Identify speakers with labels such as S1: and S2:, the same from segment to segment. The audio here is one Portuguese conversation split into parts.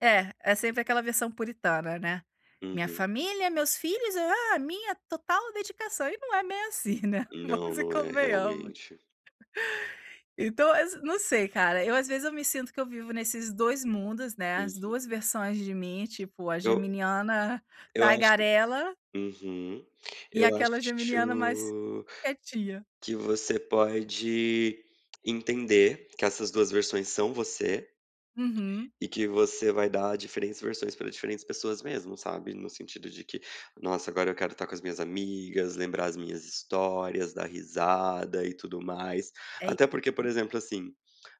S1: É, é sempre
S2: Uhum.
S1: aquela versão puritana, né: "Minha
S2: Uhum.
S1: família, meus filhos, ah, minha total dedicação". E não é bem assim, né,
S2: Não,
S1: vamos e
S2: não é,
S1: convenhamos.
S2: realmente.
S1: Então, ass não sei, cara, eu, às vezes, eu me sinto que eu vivo nesses 2 mundos, né, as 2
S2: Uhum.
S1: versões de mim, tipo, a
S2: Eu
S1: geminiana
S2: eu acho
S1: tagarela
S2: uhum.
S1: e
S2: Eu acho
S1: aquela geminiana mais quietinha.
S2: que você pode entender que essas duas versões são você
S1: Uhum.
S2: e que você vai dar diferentes versões para diferentes pessoas mesmo, sabe. No sentido de que: "Nossa, agora eu quero estar com as minhas amigas, lembrar as minhas histórias, dar risada e tudo mais".
S1: É
S2: Até porque, por
S1: isso.
S2: exemplo, assim,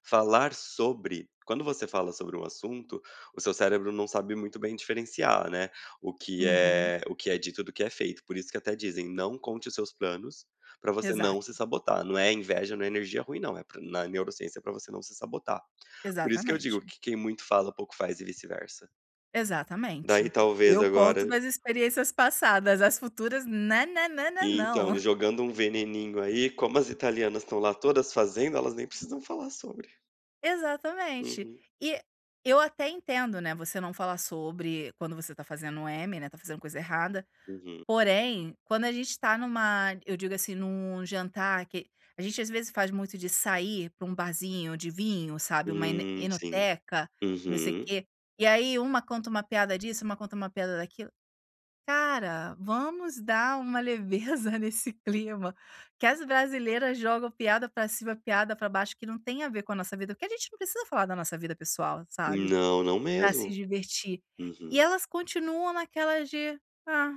S2: falar sobre quando você fala sobre um assunto, o seu cérebro não sabe muito bem diferenciar, né, o que
S1: Uhum.
S2: é o que é dito do que é feito. Por isso que até dizem: "Não conte os seus planos para você não se
S1: Exato.
S2: sabotar". Não é inveja, não é energia ruim, não. É pra na neurociência, para você não se sabotar. Por isso que eu digo
S1: Exatamente.
S2: que quem muito fala pouco faz, e vice-versa. Daí,
S1: Exatamente,
S2: talvez
S1: eu conto
S2: agora
S1: nas experiências passadas, as futuras na na na na não.
S2: Então jogando um veneninho aí, como as italianas estão lá todas fazendo, elas nem precisam falar sobre.
S1: Exatamente.
S2: Uhum.
S1: E eu até entendo, né, você não falar sobre quando você está fazendo M, né, está fazendo coisa errada.
S2: Uhum.
S1: Porém, quando a gente está numa Eu digo assim, num jantar, que a gente às vezes, faz muito de sair para um barzinho de vinho, sabe, uma ene
S2: Hum, sim,
S1: enoteca, não sei o
S2: uhum.
S1: quê. E aí, uma conta uma piada disso, uma conta uma piada daquilo. Cara, vamos dar uma leveza nesse clima. Que as brasileiras jogam piada para cima, piada para baixo, que não tem a ver com a nossa vida, porque a gente não precisa falar da nossa vida pessoal, sabe,
S2: Não, não
S1: para se
S2: mesmo.
S1: divertir.
S2: Uhum.
S1: E elas continuam naquela de: "Ah."